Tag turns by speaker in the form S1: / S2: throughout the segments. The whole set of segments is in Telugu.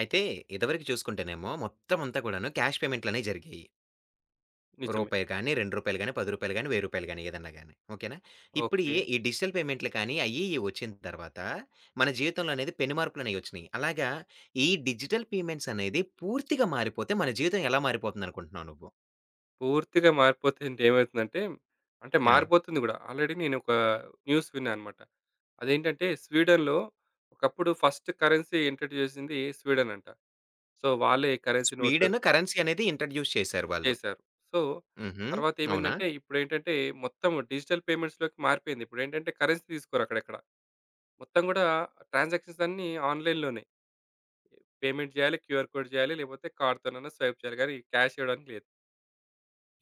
S1: అయితే ఇదివరకు చూసుకుంటేనేమో, మొత్తం అంతా కూడాను క్యాష్ పేమెంట్లనేయి జరిగాయి.
S2: నిజమే.
S1: రూపాయి గాని, రూ. 2 గాని, రూ. 10 గాని, రూ. 1000 గాని ఏదైనా గాని ఓకెనా? ఇప్పుడు యే
S2: ఓకె.
S1: ఈ డిజిటల్ పేమెంట్లు గాని అయ్యి ఇయ్యి వచ్చిన తరువాత, మన జీవితంలో అనేది పెను మార్పులనేయి వచ్చినయి. అలాగా ఈ డిజిటల్ పేమెంట్స్ అనేది పూర్తిగా మారిపోతే మన జీవితం ఎలా మారిపోతుంది అనుకుంటున్నావు నువ్వు?
S2: పూర్తిగా మారిపోతే ఎంటేమైతుందంటే అంటే,
S1: ఆ!
S2: మారిపోతుంది కూడా. ఆల్రెడీ నేను ఒక న్యూస్ విన్నానన్నమాట. అదేంటంటే స్వీడన్‌లో ఒకప్పుడు ఫస్ట్ కరెన్సీ ఇంట్రొడ్యూస్ చేసింది స్వీడన్ అంట. సో వాళ్ళే కరెన్సీ నోట్
S1: స్వీడన్ కరెన్సీ అనేది ఇంట్రొడ్యూస్ చేసారు వాళ్ళు.
S2: చేశారు. సో
S1: హుహు.
S2: తర్వాత
S1: అవునా?
S2: ఏమైందంటే, ఇప్పుడేంటంటే మొత్తం డిజిటల్ పేమెంట్స్ లోకి మారిపోయింది. ఇప్పుడేంటంటే కరెన్సీ తీసుకోరు అక్కడెక్కడ, మొత్తం కూడా ట్రాన్సాక్షన్స్ అన్నీ ఆన్‌లైన్‌లోనే. పేమెంట్ చేయాలి. క్యూఆర్ కోడ్ చేయాలి. లేకపోతే కార్డ్ తోనైనా స్వైప్ చేయాలి కానీ క్యాష్ ఇవ్వడానికి లేదు.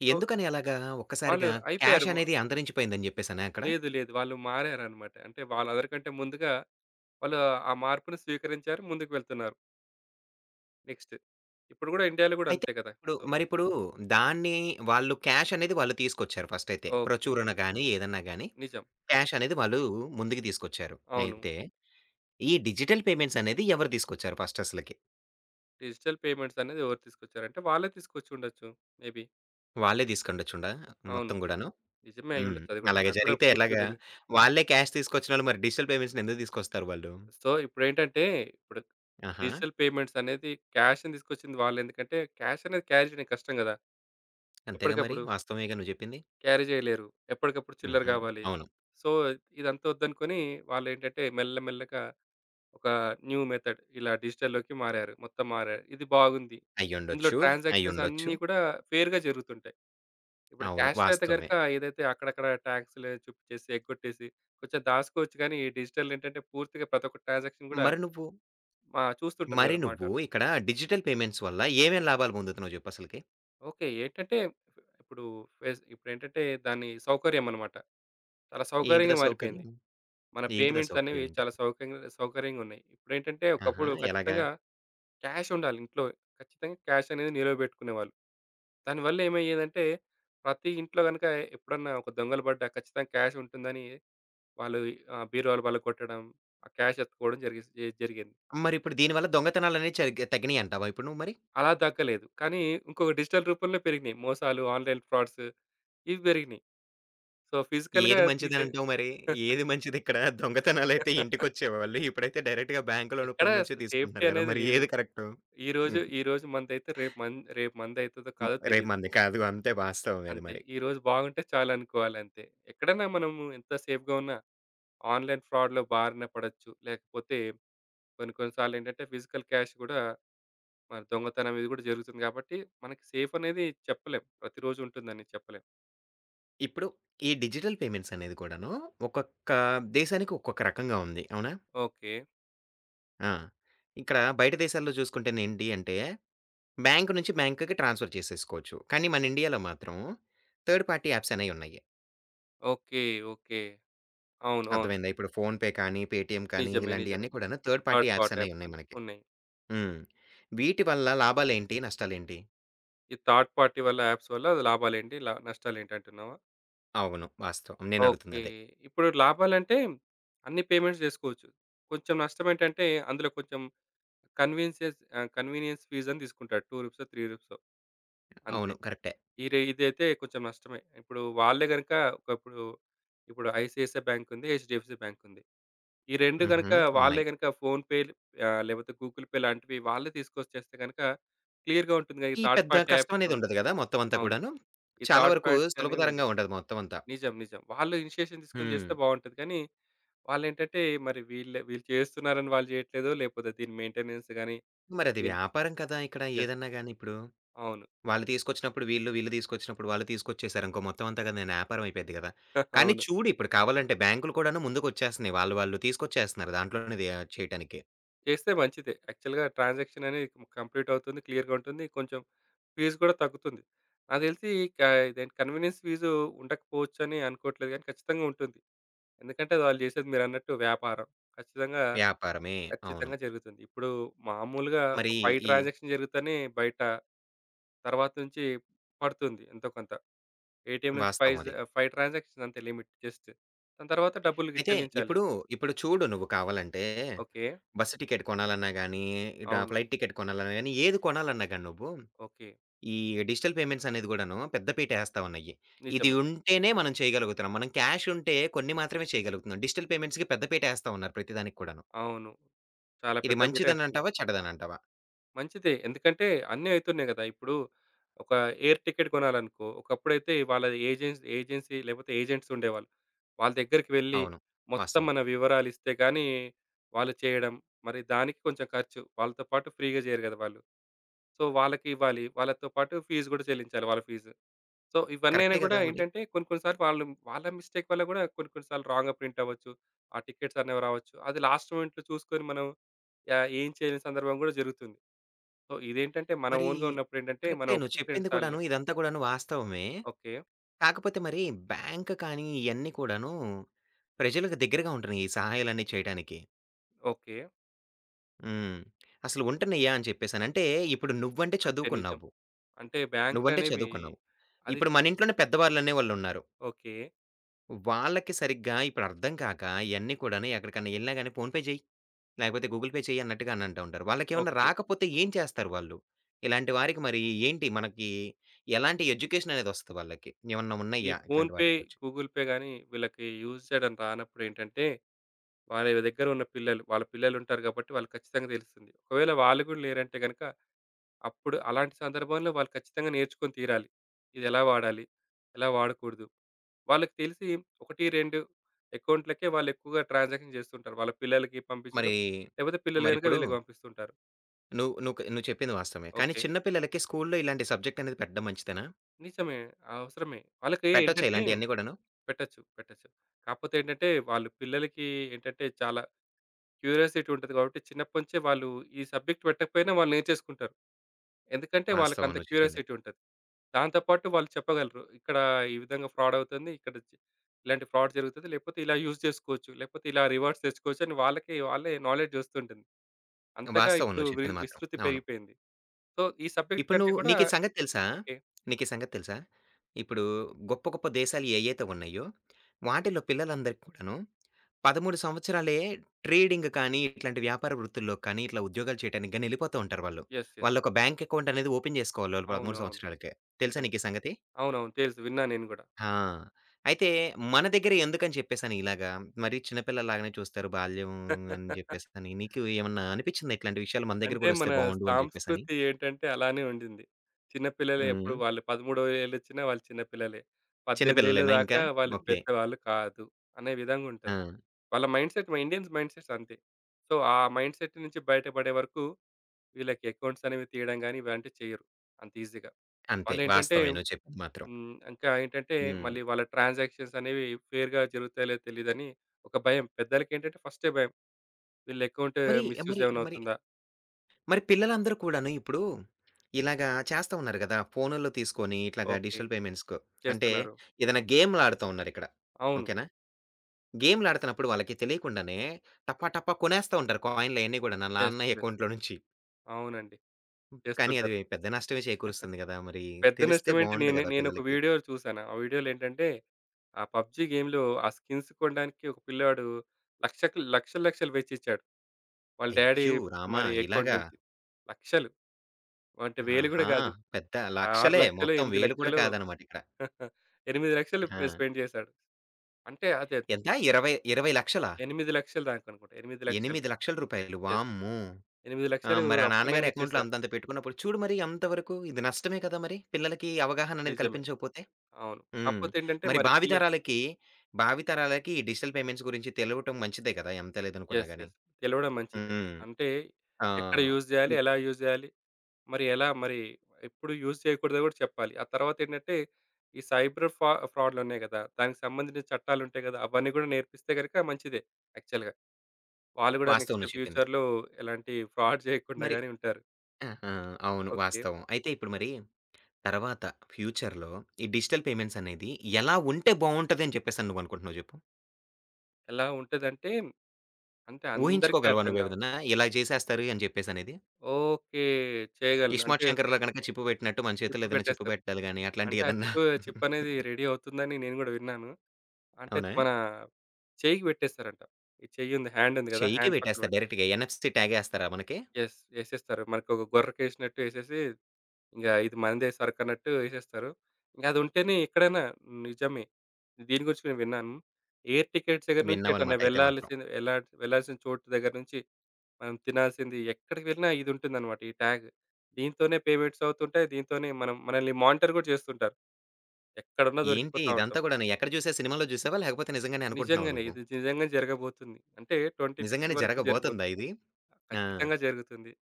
S2: సో,
S1: ఎందుకని అలాగా!
S2: వాళ్ళు
S1: ఒక్కసారిగా
S2: అయిపోయారు.
S1: క్యాష్ అనేది అంతరించిపోయింది అని చెప్పేసనా అక్కడ?
S2: లేదు. లేదు. వాళ్ళు మారారన్నమాట. అంటే, వాళ్ళందరికంటే ముందుగా వాళ్ళు ఆ మార్పుని స్వీకరించారు. ముందుకు వెళ్తున్నారు. నెక్స్ట్ ఇప్పుడు గూడా ఇండియాలో గూడా
S1: అయితే
S2: అంతే కదా.
S1: ఇప్పుడు,
S2: సో
S1: మరి ఇప్పుడు దాన్ని వాళ్ళు క్యాష్ అనేది వాళ్ళు తీసుకొచ్చారు ఫస్టయితే.
S2: ఓకె.
S1: ప్రచురణ గాని, ఏదైనా గాని
S2: నిజం.
S1: క్యాషనేది వాళ్ళు ముందుకు తీసుకొచ్చారు.
S2: అవును.
S1: అయితే, ఈ డిజిటల్ పేమెంట్సనేది ఎవరు తీసుకొచ్చారు ఫస్ట్ అసలకి?
S2: డిజిటల్ పేమెంట్స్ అనేది ఎవరు తీసుకొచ్చారు అంటే, వాళ్ళే తీసుకొచ్చి ఉండొచ్చు. మేబి.
S1: వాళ్ళే తీసుకోండొచ్చుండా
S2: అవును
S1: మొత్తం గూడాను,
S2: నిజమే
S1: హ్మ్.
S2: అయ్యుండొచ్చు అది కూడా!
S1: అలాగే
S2: నాకు కూడా
S1: జరిగితే
S2: పూర్తిగా
S1: ఎలాగా?
S2: తెలియదు.
S1: వాళ్ళే క్యాష్ తీసుకొచ్చిన డిజిటల్ పేమెంట్స్‌ని ఎందుకు దీసుకొస్తారు వాళ్ళు?
S2: సో, ఇప్పుడేంటంటే ఇప్పుడు
S1: ఆహా!
S2: డిజిటల్ పేమెంట్స్ అనేది క్యాష్‌ని తీసుకొచ్చింది వాళ్ళు. ఎందుకంటే క్యాష్ అనేది క్యాష్ కష్టం కదా!
S1: అంతేగా మరి.
S2: ఎప్పటికప్పుడు.
S1: వాస్తవమేగా నువ్వు చెప్పింది.
S2: క్యారీ జేయలేరు. ఎప్పటికప్పుడు చిల్లర
S1: హుహు.
S2: కావాలి.
S1: అవును.
S2: సో ఇదంతా వద్దనుకుని వాళ్ళు ఏంటంటే మెల్ల మెల్లగా ఒక న్యూ మెథడ్ ఇలా డిజిటల్‌లోకి మారారు. మొత్తం మారారు, ఇది బాగుంది. ఇందులో
S1: అయ్యుండొచ్చు,
S2: ట్రాన్సాక్షన్స్
S1: అయ్యుండొచ్చు.
S2: అన్నీ కూడా ఫెయిర్‌గా జరుగుతుంటాయి. ఇప్పుడు
S1: అవును
S2: క్యాష్‌లో అయితే
S1: వాస్తవమే.
S2: గనక ఏదైతే అక్కడక్కడ టాక్సులేదో చూపించేసి, ఎగ్గొట్టేసి కొంచెం దాచుకోవచ్చు గాని, డిజిటల్ ఏంటంటే పూర్తిగా ప్రతి ఒక్క ట్రాన్సాక్షన్ కూడా
S1: మరి నువ్వు
S2: ఆహ్, చూస్తుంటది
S1: మరి
S2: గదా!
S1: నువ్వు
S2: మానిటర్.
S1: ఇక్కడ డిజిటల్ పేమెంట్స్ వల్ల ఏమేం లాభాలు పొందుతున్నావ్ జెప్పసలకి?
S2: ఓకె. ఏంటంటే ఇప్పుడు, వెజ్ ఇప్పుడేంటంటే దాని సౌకర్యమన్నమాట. చాలా
S1: ఏంటిదా
S2: సౌకర్యంగా మారిపోయింది.
S1: సౌకర్యం?
S2: మన
S1: ఏంటిదా
S2: పేమెంట్సనేవి
S1: సౌకర్యం ఏంటి?
S2: చాలా సౌక్యంగా సౌకర్యంగున్నాయి. ఇప్పుడేంటంటే,
S1: ఆహా!
S2: ఒకప్పుడు
S1: ఎలాగా?
S2: ఖచ్చితంగా క్యాషుండాలి ఇంట్లో. ఖచ్చితంగా క్యాషనేది నిలవ పెట్టుకునేవాళ్ళు. దానివల్ల ఏమయ్యేదంటే, ప్రతి ఇంట్లో గనక ఎప్పుడన్నా ఒక దొంగలు పడ్డా ఖచ్చితంగా క్యాషుంటుందని, వాళ్ళు ఆహ్, బీరువాల బలొక్కొట్టడం, ఆ క్యాష్ ఎత్తుకోవడం జరిగేస్ ఎ జరిగింది.
S1: మరిప్పుడు దీనివల్ల దొంగతనాలనేవి చయిగా తగ్గినయంటావా ఇప్పుడు నువ్వు మరి?
S2: అలా దక్కలేదు. కానీ, ఇంకొక డిజిటల్ రూపంలో పెరిగినాయి. మోసాలు, ఆన్‌లైన్ ఫ్రాడ్స్ ఇవి పెరిగినాయి. సో, ఫిజికల్‌గా
S1: ఏది
S2: తీసే
S1: మంచిదనంటావు మరి? ఏది మంచిదిక్కడ? దొంగతనాలైతే ఇంటికొచ్చేవాళ్ళు, ఇప్పుడైతే డైరెక్ట్‌గా బాంక్‌లో
S2: ఎక్కడ
S1: రూపంలో నుంచే
S2: అసలా సేఫ్టీ
S1: తీసుకుంటున్నారు కదా!
S2: అనేది
S1: మరి
S2: లేదు.
S1: ఏది కరెక్టు.
S2: ఈరోజు,
S1: హుహు.
S2: ఈరోజు మందైతే రేపు మం రేపు మందైతదో
S1: హ్మ్.
S2: కాదో
S1: రేపు
S2: తెలీదు.
S1: మనది కాదు. అంతే వాస్తవమే అది
S2: అంతే.
S1: మరి.
S2: ఈరోజు బాగుంటే చాలు అనుకోవాలి అంతే. ఎక్కడైనా మనము ఎంత సేఫ్‌గా ఉన్న, ఆన్‌లైన్ ఫ్రాడ్‌లో బారిన పడొచ్చు. లేకపోతే కొన్ని, కొన్ని సార్లేంటంటే ఫిజికల్ క్యాష్ కూడా, మరి దొంగతనం ఇది కూడా జరుగుతుంది గాబట్టి మనకి సేఫనేది చెప్పలేం. ప్రతిరోజు ఉంటుందని చెప్పలేం.
S1: ఇప్పుడు ఈ డిజిటల్ పేమెంట్స్ అనేది కూడాను ఒక్కొక్క దేశానికి ఒక్కొక్క రకంగా ఉంది. అవునా?
S2: ఓకే.
S1: ఆ! ఇక్కడ బయట దేశాల్లో చూసుకుంటేనేంటి అంటే, బ్యాంక్ నుంచి బ్యాంక్‌కి ట్రాన్స్‌ఫర్ చేసేసుకోవచ్చు. కానీ, మన ఇండియాలో మాత్రం థర్డ్ పార్టీ యాప్స్ అనేయి ఉన్నాయి.
S2: ఓకే. ఓకే. అవును. అవును.
S1: అర్థమైందా? ఇప్పుడు ఫోన్‌పే కానీ, పేటీఎమ్ కానీ,
S2: నిజమే.
S1: ఇలాంటియి అన్ని
S2: నిజమే.
S1: కూడాను third party
S2: third
S1: apps
S2: part
S1: అనేయి
S2: యాప్స్
S1: ఉన్నాయి
S2: అని
S1: మనకి.
S2: ఉన్నయి.
S1: హ్మ్. వీటి వల్ల లాభాలేంటి? నష్టాలేంటి?
S2: ఈ థర్డ్ పార్టీ వల్ల యాప్స్ వల్ల లాభాలేంటి? లా నష్టాలేంటి అంటున్నావా?
S1: అవును. వాస్తవం.
S2: ఓకే.
S1: నేనడుగుతుందదే.
S2: ఇప్పుడు లాభాలంటే అన్నీ పేమెంట్స్ జేసుకోవచ్చు. కొంచెం నష్టం ఏంటంటే అందులో కొంచెం కన్వీన్స్ చేసి ఆ! కన్వీనియన్స్ ఫీజ్ అని దీసుకుంటాడు. 2 రూపీసో, 3 రూపీసో. అంతే.
S1: అవును. కరెక్టే.
S2: ఈడ ఇదైతే కొంచెం నష్టమే. ఇప్పుడు వాళ్ళే గనుక ఒకప్పుడు ఇప్పుడు ఐసీఐసీఐ బ్యాంక్ ఉంది, హెచ్‌డీ‌ఎఫ్‌సీ బ్యాంక్ ఉంది, ఈ 2 గనక
S1: హుహు.
S2: వాళ్ళే
S1: ఉన్నాయి.
S2: గనక ఫోన్‌పే ఆ! లేపోతే గూగుల్ పే లాంటివి వాళ్ళే తీసుకొచ్చేస్తే గనక క్లియర్‌గా ఉంటుంది కదా! ఈ
S1: ఈ
S2: థర్డ్
S1: పెద్ద
S2: పార్టీ యాప్స్
S1: కష్టమనేది
S2: నుండి.
S1: ఉండదు గదా! మొత్తం అంతా
S2: అవును.
S1: కూడాను.
S2: ఈ
S1: చాలా
S2: థర్డ్
S1: వరకు
S2: పార్టీస్ అనేయి
S1: సులభతరంగా
S2: ఉండవు.
S1: ఉంటది మొత్తం అంతా.
S2: నిజం. నిజం. వాళ్ళు ఇనిషియేషన్ తీసుకొని చేస్తే
S1: హ్మ్.
S2: బావుంటది కానీ, వాళ్ళేంటంటే మరి వీళ్ వీళ్ళు చేస్తున్నారని వాళ్ళు జెయ్యట్లేదో, లేపోతే దీని మెయింటెనెన్స్ గాని,
S1: మరది
S2: దీని
S1: వ్యాపారం కదా! ఇక్కడ
S2: యెస్.
S1: ఏదన్నా గాని ఇప్పుడు.
S2: అవును.
S1: వాళ్ళు తీసుకొచ్చినప్పుడు వీళ్ళు, వీళ్ళు తీసుకొచ్చినప్పుడు వాళ్ళు, తీసుకొచ్చేశారనుకో మొత్తం అంతా గానీ ఏదన్నా అయిపోద్ది గదా! కానీ,
S2: అవును.
S1: చూడు ఇప్పుడు కావాలంటే బ్యాం‌క్‌లు కూడాను ముందుకొచ్చేస్తున్నాయి, వాళ్ళు వాళ్ళు తీసుకొచ్చేస్తున్నారు, దాంట్లోనే అది యా చేయటానికి.
S2: చేస్తే మంచిదే. యాక్చువల్‌గా ట్రాన్సాక్షననేది ము కంప్లీటవుతుంది. క్లియర్‌గుంటుంది. కొంచెం ఫీస్ కూడా తగ్గుతుంది. నాకు తెలిసి కా ఇదేంటి కన్వీనియన్స్ ఫీజూ ఉండకపోవచ్చు అని అనుకోవట్లేదు కానీ, ఖచ్చితంగా ఉంటుంది. ఎందుకంటే, వాళ్ళు చేసేది మీరన్నట్టు వ్యాపారం, ఖచ్చితంగా
S1: వ్యాపారమే. అవును.
S2: ఖచ్చితంగా జరుగుతుంది. ఇప్పుడు మామూలుగా ఒక
S1: మరి
S2: 5
S1: ఈ
S2: ట్రాన్సాక్షన్ జరుగుతేనే బయట తరువాత నుంచి పడుతుంది. ఎంతో కొంత. ఏటీఎం నుంచి
S1: వాస్తవం
S2: పైజా
S1: అది.
S2: 5 ట్రాన్సాక్షన్స్ అంతే లిమిట్. జస్టు దాని తర్వాత డబ్బులు‌గిది
S1: అయితే
S2: చెల్లించాలి.
S1: ఇప్పుడు ఇప్పుడు చూడు నువ్వు కావాలంటే,
S2: ఓకే.
S1: బస్సు టికెట్ కొనాలన్నా గాని, డా
S2: అవును.
S1: ఫ్లైట్ టికెట్ కొనాలన్నా గాని, ఏది కొనాలన్నా గాని, నువ్వు
S2: ఓకే.
S1: ఈ డిజిటల్ పేమెంట్సనేది కూడాను, పెద్ద పీట ఏస్తా ఉన్నాయి. ఇది
S2: నిజమే.
S1: ఉంటేనే మనం చేయగలుగుతున్నాం, మనం క్యాషుంటే కొన్ని మాత్రమే చేయగలుగుతున్నాం, డిజిటల్ పేమెంట్స్‌కి పెద్ద పీట ఏస్తా ఉన్నారు ప్రతి దానికి కూడాను.
S2: అవును. చాలా
S1: ఇది
S2: పెద్ద పీటే ఏస్తున్నారు.
S1: మంచిదనంటావా? చెడ్డదనంటావా?
S2: మంచిదే. ఎందుకంటే అన్నీ అవుతున్నాయి కదా! ఇప్పుడు, ఒక ఎయిర్ టికెట్ కొనాలనుకో, ఒకప్పుడైతే వాళ్ళ ఏజెన్సీ ఏజెన్సీ లేకపోతే ఏజెంట్సుండేవాళ్ళు. వాళ్ళ దగ్గరికి వెళ్లి,
S1: అవును
S2: మొత్తం
S1: వాస్తవం.
S2: మన వివరాలిస్తే గాని, వాళ్ళు చేయడం, మరి దానికి కొంచెం ఖర్చు, వాళ్ళతో పాటు ఫ్రీ‌గా చెయ్యరు కదా వాళ్ళు. సో, వాళ్ళకి ఇవ్వాలి. వాళ్ళతో పాటు ఫీస్ కూడా చెల్లించాలి వాళ్ళ ఫీసు. సో, ఇవన్నీ అయినా
S1: కరెక్టే
S2: కూడా
S1: కదా! మరి.
S2: ఏంటంటే కొన్ని, కొన్ని సార్లు వాళ్ళు వాళ్ళ మిస్టేక్ వల్ల కూడా కొన్ని, కొన్ని సార్లు రాంగ్‌గా ప్రింటఅవ్వొచ్చు. ఆ టికెట్సనేవి రావొచ్చు, అది లాస్ట్ మొమెంట్‌లో చూసుకొని మనం, యా ఏం చేయలేని సందర్భం కూడా జరుగుతుంది. సో, ఇదేంటంటే మన
S1: మరి
S2: ఓన్‌గా ఉన్నప్పుడేంటంటే మనం
S1: కరెక్టే. నువ్వు
S2: ఒకటికి రెండు
S1: చెప్పింది
S2: సార్లు
S1: కూడాను ఇదంతా కూడాను వాస్తవమే.
S2: ఓకే.
S1: కాకపోతే మరి, బ్యాంక్ కానీ, ఇయన్నీ కూడాను ప్రజలకు దగ్గరగా ఉంటున్నాయి ఈ సహాయాలు చేయటనికి.
S2: ఓకే.
S1: హ్మ్. అసలు ఉంటనయ్య అని చెప్పేసని. అంటే, ఇప్పుడు నువ్వంటే
S2: అంతే నిజం.
S1: చదువుకున్నావు.
S2: అంటే,
S1: నువ్వంటే
S2: బ్యాంక్‌లనేవి
S1: చదువుకున్నావు.
S2: అది
S1: ఇప్పుడు మన ఇంట్లోనే పెద్దవాళ్ళనే వాళ్ళున్నారు.
S2: ఓకే.
S1: వాళ్ళకి సరిగ్గా ఇప్పుడు అర్థం కాక ఇయన్ని కూడాను ఎక్కడికైనా ఎళ్ళినా గాని ఫోన్ పే జెయ్, లేకపోతే గూగుల్ పే చెయ్యి అన్నట్టుగా అననంటా ఉంటారు. వాళ్ళకేవన్నా
S2: ఓకే.
S1: రాకపోతే ఏం చేస్తారు వాళ్ళు? ఇలాంటి వారికి మరి ఏంటి మనకి ఎలాంటి ఎడ్యుకేషన్ అనేది ఒస్తది వాళ్ళకి? ఏమన్నా
S2: ఈ
S1: ఉన్నాయా
S2: ఫోన్‌
S1: ఇట్లాంటి
S2: పే,
S1: వాటికొచ్చి?
S2: గూగుల్ పే గాని వీళ్ళకి యూజ్ చేయడం రానప్పుడేంటంటే, వాళ్ళిళ్ళ దగ్గర ఉన్న పిల్లలు, వాళ్ళ పిల్లలు ఉంటారు గాబట్టి వాళ్ళకి ఖచ్చితంగా దెలుస్తుంది. ఒకవేళ వాళ్ళు కూడా లేరంటే గనక అప్పుడు అలాంటి సందర్భంలో వాళ్ళు ఖచ్చితంగా నేర్చుకొని తీరాలి. ఇదెలా వాడాలి? ఎలా వాడకూడదు? వాళ్ళకి తెలిసి 1, 2 అకౌంట్‌లకే వాళ్ళేక్కువగా ట్రాన్సాక్షన్ జేస్తూ ఉంటారు. వాళ్ళ పిల్లలకి పంపించడం
S1: మరీ,
S2: లేపోతే పిల్లలు గనక
S1: మరిప్పుడు
S2: వీళ్ళకి పంపిస్తుంటారు.
S1: నువ్వు నువ్వుకు నువ్వు చెప్పింది వాస్తవమే. కానీ,
S2: ఓకే.
S1: చిన్న పిల్లలకి స్కూల్లో ఇలాంటి సబ్జెక్ట్ అనేది పెట్టడం మంచిదేనా?
S2: నిజమే. అవసరమే. వాళ్ళకి
S1: పెట్టొచ్చా
S2: ఏంటంటే
S1: ఇలాంటియన్నీ గూడాను?
S2: పెట్టొచ్చు. పెట్టొచ్చు. కాపోతే ఏంటంటే, వాళ్ళు పిల్లలకి ఏంటంటే చాలా క్యూరియాసిటీ ఉంటది కాబట్టి చిన్నప్పటినుంచే వాళ్ళు ఈ సబ్జెక్ట్ పెట్టకపోయినా వాళ్ళు నేర్చేసుకుంటారు. ఎందుకంటే, వాళ్ళకి
S1: వాస్తవం
S2: అంత
S1: నువ్వు చెప్పింది...
S2: క్యూరియాసిటీ ఉంటది. దాంతో పాటు వాళ్ళు చెప్పగలరు. ఇక్కడ ఈ విధంగా ఫ్రాడ్ అవుతుంది. ఇక్కడ ఇలాంటి ఫ్రాడ్ జరుగుతుంది. లేపోతే ఇలా యూజ్ చేసుకోవచ్చు, లేపోతే ఇలా రివార్డ్స్ తెచ్చుకోవచ్చు అని వాళ్ళకి వాళ్ళే నాలెడ్జ్ వస్తుంటుంది. అంతగా
S1: వాస్తవం
S2: ఇప్పుడు
S1: నువ్వు
S2: వి
S1: చెప్పింది మాత్రం
S2: విస్తృతి
S1: అవును.
S2: పెరిగిపోయింది. సో, ఈ సబ్జెక్ట్
S1: ఇప్పుడు
S2: కంటే
S1: నువ్వు
S2: కూడా
S1: నీకీ సంగతి తెలుసా?
S2: ఓకే.
S1: నీకీ సంగతి తెలుసా? ఇప్పుడు గొప్ప గొప్ప దేశాలు ఏయ్యతే ఉన్నయో, వాటిల్లో పిల్లలందరికీ కూడాను 13 సంవత్సరాలే ట్రేడింగ్ కానీ, ఇట్లాంటి వ్యాపార వృత్తుల్లో కానీ, ఇట్లా ఉద్యోగాలు చేయటానికి గానీ, ఎళ్ళిపోతా ఉంటారు వాళ్ళు.
S2: Yes, yes.
S1: వాళ్ళొక బ్యాంక్ అకౌంట్ అనేది ఓపెన్ జేసుకోవాలి వాళ్ళు 13
S2: అవునవును.
S1: సంవత్సరాలకే. తెలుసా
S2: నిజమే.
S1: నీకీ సంగతి?
S2: అవునవును తెలుసు. విన్నా నేను గూడా.
S1: హా! అయితే, మన దగ్గర ఎందుకని చెప్పేసని ఇలాగా మరి చిన్న పిల్లలు లాగానే చూస్తారు బాల్యం అని జేప్పేసి అని, నీకు ఏమన్నా అనిపిచ్చిందా ఇట్లాంటి విషయాలు మన దగ్గర
S2: అంటే,
S1: గూడా
S2: మన
S1: ఒస్తే బావుండు అని జెప్పేసని?
S2: సాంస్కృతి ఏంటంటే అలానే ఉండింది. చిన్నపిల్లలే ఎప్పుడు
S1: హ్మ్.
S2: వాళ్ళు పదమూడో ఏళ్ళోచ్చినా వాళ్ళు చిన్న పిల్లలే. 18
S1: చిన్నపిల్లలేనా ఇంకా.
S2: దాకా వాళ్ళు
S1: ఓకే.
S2: పెద్దవాళ్ళు కాదు అనే విధంగా ఉంటది.
S1: ఆ!
S2: వాళ్ళ మైండ్‌సెట్. మా ఇండియన్స్ మైండ్‌సెట్స్ అంతే. సో, ఆ మైండ్‌సెట్ నుంచి బయటపడే వరకు వీళ్ళకి అకౌంట్స్ అనేవి తీయడం గాని ఇలాంటివి చెయ్యరు అంత ఈజీ‌గా.
S1: అంతే.
S2: వాళ్లేంటంటే,
S1: వాస్తవమే. నువ్వు చెప్పింది మాత్రం.
S2: హ్మ్ ఇంకా ఏంటంటే
S1: హ్మ్.
S2: మళ్ళీ వాళ్ళ ట్రాన్సాక్షన్స్ అనేవి ఫెయిర్‌గా జరుగుతాయో? లేదో? తెలియదని ఒక భయం. పెద్దలకి ఏంటంటే ఫస్టే భయం. వీళ్ళ అకౌంట్
S1: మరి,
S2: మిస్‌యూజ్
S1: మరి,
S2: ఏవన్నా
S1: మరి...
S2: అవుతుందా?
S1: మరి పిల్లలందరు కూడాను ఇప్పుడు ఇలాగ చేస్తా ఉన్నారు గదా! ఫోనుల్లో తీసుకొని ఇట్లాగా
S2: ఓకే.
S1: డిజిటల్ పేమెంట్స్‌కు. అంటే,
S2: చేస్తున్నారు.
S1: ఏదన్నా గేమ్‌లాడుతా ఉన్నారు ఇక్కడ.
S2: అవును.
S1: ఓకే నా. గేమ్‌లాడుతున్నప్పుడు వాళ్ళకి తెలియకుండానే టపా టపా కొనేస్తా ఉంటారు కాయిన్‌లు అయన్నీ గూడాను ఆళ్ళ
S2: యెస్.
S1: నాన్న
S2: యెస్.
S1: అకౌంట్‌లో నుంచి.
S2: అవునండి.
S1: కానీ, అది
S2: చేస్తుంటారు.
S1: పెద్ద నష్టమే చేకూరుస్తుంది గదా! మరి
S2: పెద్ద
S1: తెలిస్తే
S2: నష్టమేంటి,
S1: బావుండు
S2: నేను,
S1: గదా!
S2: నేనొక
S1: పిల్లలకి.
S2: వీడియో చూశాను. ఆ వీడియోలో ఏంటంటే, ఆ పబ్‌జీ గేమ్‌లో ఆ స్కిన్స్ కొనడానికి ఒక పిల్లాడు లక్షకి లక్షలు, లక్షలు వెచ్చిచ్చాడు. వాళ్ళ డ్యాడీ
S1: అయ్యో! రామా!
S2: మరి
S1: ఇలాగ.
S2: అకౌంట్ నుంచి. లక్షలు. అంటే, వేలు గూడా
S1: ఆహా!
S2: గాదు.
S1: పెద్ద
S2: ఆ! ఆరు
S1: లక్షలే
S2: లక్షలు
S1: మొత్తం
S2: ఎనిమిది
S1: వేలు కూడా
S2: లక్షలు
S1: కాదనమాట ఇక్కడ.
S2: 8,00,000 పే
S1: హా!
S2: స్పెండ్ జేశాడు. అంటే, అదే
S1: ఎంత ఇరవై ఇరవై లక్షలా?
S2: 8,00,000 దాకనుకుంటా. 8,00,000
S1: రూ. 8,00,000
S2: యెస్.
S1: వామ్మో!
S2: ఎనిమిది
S1: ఆ!
S2: లక్షలు
S1: మరి ఆ నాన్నగారి
S2: అప్పనంగా
S1: అకౌంట్‌లో
S2: ఇచ్చేశారు.
S1: అంతంత పెట్టుకున్నప్పుడు చూడు మరి ఎంతవరకు ఇది నష్టమే కదా! మరి పిల్లలకి అవగాహననేది
S2: నిజమే.
S1: కల్పించకపోతే.
S2: అవును.
S1: హ్మ్.
S2: కాపోతే ఏంటంటే
S1: మరి
S2: మరి
S1: భావి
S2: పిల్లలు
S1: తరాలకి, భావి తరాలకి ఈ డిజిటల్ పేమెంట్స్ గురించి తెలవటం మంచిదే గదా! ఎంత లేదనుకున్నా
S2: యెస్.
S1: గాని.
S2: యెస్. తెలవడం మంచిదే.
S1: హ్మ్.
S2: అంటే, ఎక్కడ
S1: ఆహ్
S2: యూజ్ జేయాలి? ఎలా యూజ్ జెయ్యాలి. మరి ఎలా మరి ఎప్పుడు యూజ్ చేయకూడదో కూడా చెప్పాలి. ఆ తరువాతేంటంటే ఈ సైబర్ ఫా ఫ్రాడ్డులు ఉన్నాయి గదా! దానికి సంబంధించి చట్టాలుంటాయి గదా! అవన్నీ గూడా నేర్పిస్తే గనక మంచిదే యాక్చువల్‌గా. వాళ్ళు గూడా
S1: వాస్తవం
S2: నెక్స్ట్
S1: నువ్వు చెప్పింది.
S2: ఫ్యూచర్‌లో ఎలాంటి ఫ్రాడ్ జేయకుండా
S1: మరి
S2: గాని ఉంటారు.
S1: ఆహా! అవును.
S2: ఓకే.
S1: వాస్తవం. అయితే, ఇప్పుడు మరి తర్వాత ఫ్యూచర్‌లో ఈ డిజిటల్ పేమెంట్స్ అనేది ఎలా ఉంటే బావుంటది అని చెప్పేసని నువ్వనుకుంటున్నావు జెప్పు?
S2: ఎలా ఉంటదంటే, అంటే అందరికి
S1: ఊహించుకోగలవా
S2: అర్థం గావాలి.
S1: నువ్వేదన్నా ఇలా చేసేస్తారు అని చెప్పేసనేది?
S2: ఓకే. చేయగలను. అంటే
S1: 'ఇస్మార్ట్ శంకర్‌లో' గనక చిప్పు పెట్టినట్టు, మన చేతుల్లో
S2: చిప్
S1: ఏదన్నా చిప్పు
S2: పెట్టేస్తారు.
S1: బెట్టాలి గాని
S2: అంటే, ఆ
S1: అట్లాంటియేదన్నా?
S2: చిప్పు, చిప్పనేది రెడీ అవుతుందని నేను గూడా విన్నాను. అంటే,
S1: అవునా!
S2: మన చెయ్యికి పెట్టేస్తారంట. ఈ చెయ్యుంది హ్యాండుంది గదా!
S1: చెయ్యికే
S2: హ్యాండ్ పక్కన
S1: పెట్టేస్తారు
S2: పెట్టు
S1: డైరెక్ట్‌గా ఎన్ఎఫ్‌టీ ట్యాగేస్తారా మనకి?
S2: యెస్ ఏసేస్తారు. మనకొక గొర్రకేసినట్టు ఏసేసి, ఇంగా ఇది మనదే సరుకన్నట్టు ఏసేస్తారు. గదుంటేనే ఎక్కడైనా నిజమే. దీని గురించి నేను విన్నాను. ఎయిర్ టికెట్స్ దగ్గర నుంచి, ఎటన్నా
S1: విన్నావనమాట అయితే మాత్రం.
S2: వెళ్లాల్సిన ఎళ్లాల్స వెళ్లాల్సిన చోటు దగ్గర నుంచి, మనం తినాల్సింది ఎక్కడికి వెళ్ళినా ఇదుంటుందమాట. ఈ ట్యాగు. దీంతోనే పేమెంట్సవుతుంటాయి, దీంతోనే మనం మనల్ని మానిటర్ గూడా చేస్తుంటారు. ఎక్కడున్నా
S1: ఏంటి
S2: దొరికిపోతా ఉంటాం.
S1: ఇదంతా గూడాను ఎక్కడ జూశా? సినిమాల్లో జూశావా? లేకపోతే, నిజంగానే అనుకుంటున్నావా
S2: నిజంగానే.
S1: నువ్వు?
S2: ఇది నిజంగానే జరగబోతుంది. అంటే, 2050
S1: నిజంగానే
S2: వరకు
S1: జరగబోతందా
S2: జరగబోతుంది.
S1: ఇది. ఆ!
S2: ఖచ్చితంగా జరుగుతుంది.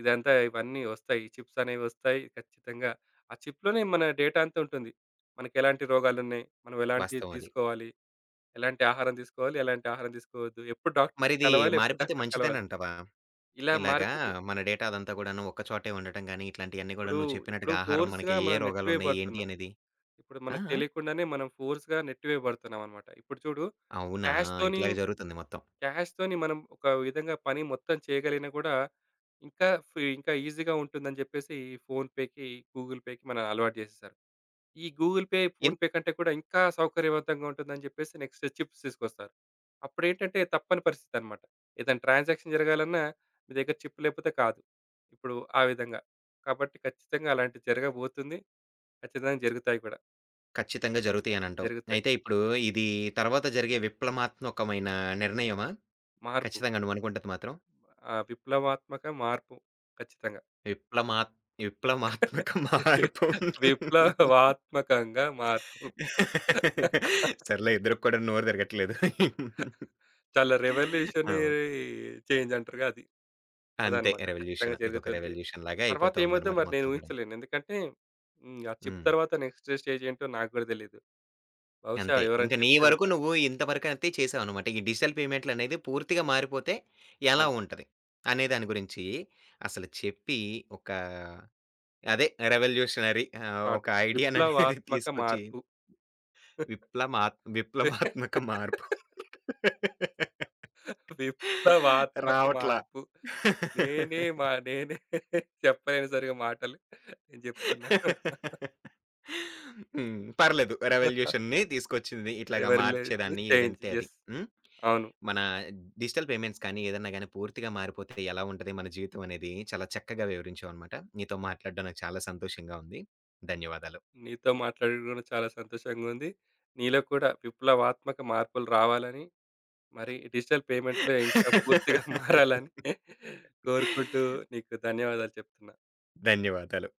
S2: ఇదంతా ఇవన్నీ ఒస్తాయి. ఈ చిప్సనేవి ఒస్తాయి. ఖచ్చితంగా. ఆ చిప్‌లోనే మన డేటా అంతా ఉంటుంది. మనకు ఎలాంటి రోగాలున్నాయి, మనం ఎలాంటియి
S1: వాస్తవం అది.
S2: తీసుకోవాలి, ఎలాంటి ఆహారం తీసుకోవాలి, ఎలాంటి ఆహారం తీసుకోవద్దు, ఎప్పుడు డాక్టర్‌ని
S1: మరిదీ
S2: కలవాలి, ఎప్పుడు
S1: మారిపోతే
S2: డాక్టర్‌
S1: మంచిదే
S2: కలవాలి,
S1: నంటావా?
S2: ఇలా
S1: ఇలాగా
S2: మారిపోతయి.
S1: మన డేటా అదంతా గూడాను, ఒక్క చోటే ఉండటం గాని ఇట్లాంటియన్నీ గూడా
S2: ఇప్పుడు,
S1: నువ్వు
S2: ఇప్పుడు
S1: చెప్పినట్టుగా ఆహారం, మనకి
S2: ఫోర్స్‌గా
S1: ఏ, ఏ
S2: మనం నెట్టి
S1: రోగాలున్నాయి? ఏంటి
S2: వేయబడుతున్నాం.
S1: అనేది?
S2: ఇప్పుడు
S1: ఆ!
S2: మనకు
S1: ఆ!
S2: తెలియకుండానే మనం ఫోర్స్‌గా నెట్టి వేయబడుతున్నామనమాట. ఇప్పుడు చూడు
S1: అవునా!
S2: క్యాష్‌తోని
S1: ఇట్లాగే జరుగుతుంది మొత్తం.
S2: క్యాష్‌తోని మనం ఒక విధంగా పని మొత్తం చేయగలిగినా గూడా, ఇంకా ఫీ ఇంకా ఈజీ‌గా ఉంటుందని జెప్పేసి, ఈ ఫోన్‌పేకి, గూగుల్‌పేకి మన అలవాటు జేసేశారు. ఈ గూగుల్‌పే,
S1: ఏన్
S2: ఫోన్‌పే కంటే కూడా ఇంకా సౌకర్యవంతంగా ఉంటుందని జెప్పేసి, నెక్స్టు చిప్స్ తీసుకొస్తారు. అప్పుడేంటంటే, తప్పని పరిస్థితనమాట. ఏదన్నా ట్రాన్సాక్షన్ జరగాలన్నా మీ దగ్గర చిప్ లేపోతే కాదు. ఇప్పుడు ఆ విధంగా. కాబట్టి ఖచ్చితంగా అలాంటిది జరగబోతుంది. ఖచ్చితంగా జరుగుతాయి కూడా.
S1: కచ్చితంగా జరుగుతయని అంటావు.
S2: జరుగుతాయి.
S1: అయితే ఇప్పుడు, ఇది తరువాత జరిగే విప్లమాత్మకమైన నిర్ణయమా?
S2: మార్పు.
S1: ఖచ్చితంగా. నువ్వునుకుంటది మాత్రం.
S2: ఆ! విప్లవాత్మక మార్పు. ఖచ్చితంగా.
S1: విప్లమాత్ విప్లమాత్మక
S2: [unintelligible]
S1: మార్పు.
S2: విప్లవాత్మకంగా మార్పు.
S1: సర్లే, ఇద్దరికి కూడా నోరు తిరగట్లేదు.
S2: చాలా రివల్యూషనే
S1: అ!
S2: చేంజ్ అంటారుగా అది.
S1: అంతే
S2: అదనమాట ఖచ్చితంగా
S1: రివల్యూషను. ఇదొక
S2: జరుగుతుంది.
S1: రివల్యూషన్ లాగా
S2: తర్వాత ఏమవుద్దో
S1: అయిపోతుందనమాట
S2: నేను
S1: మొత్తం కూడాను.
S2: ఊహించలేను. ఎందుకంటే హ్మ్. ఆ చిప్
S1: హ్మ్.
S2: తరువాత నెక్స్టు స్టేజేంటో నాకు కూడా తెలియదు. బహుశా,
S1: అంతే. ఇంక
S2: ఎవరైనా
S1: నీ
S2: చెప్తే
S1: వరకు
S2: వింటాను.
S1: నువ్వు, ఇంత వరకు అంతే చేసావనమాట. ఈ డిజిటల్ పేమెంట్లనేది పూర్తిగా మారిపోతే ఎలా
S2: అవును.
S1: ఉంటది, అనే దాని గురించి. అసలు చెప్పి, ఒక అదే రివల్యూషనరీ ఆహ్,
S2: కాదు.
S1: ఒక ఐడియా అనేది
S2: విప్లవాత్మక
S1: తీసుకొచ్చి
S2: మార్పు.
S1: విప్లమాత్ విప్లమాత్మక మార్పు.
S2: విప్లవాత్మక
S1: రావట్ల.
S2: మార్పు. నేనే మ నేనే చెప్పలేను సరిగా మాటలు. కానీ చెప్తున్నా.
S1: హ్మ్. పర్లేదు రివల్యూషన్‌ని తీసుకొచ్చింది. ఇట్లాగా
S2: రివర్‌‌లూషను
S1: మార్చేదాన్ని
S2: చేంజ్.
S1: ఏదంటే అది.
S2: యెస్.
S1: హ్మ్.
S2: అవును.
S1: మన డిజిటల్ పేమెంట్స్ కాని, ఏదైనా గాని పూర్తిగా మారిపోతే ఎలా ఉంటది మన జీవితం అనేది. చాలా చక్కగా వివరించావనమాట. నీతో మాట్లాడడం నాకు చాలా సంతోషంగా ఉంది. ధన్యవాదాలు.
S2: నీతో మాట్లాడడం కూడా చాలా సంతోషంగా ఉంది. నీలో కూడా విప్లవాత్మక మార్పులు రావాలని. మరి డిజిటల్ పేమెంట్‌లో ఇంకా పూర్తిగా మారాలని కోరుకుంటూ నీకు ధన్యవాదాలు చెప్తున్నా.
S1: ధన్యవాదాలు.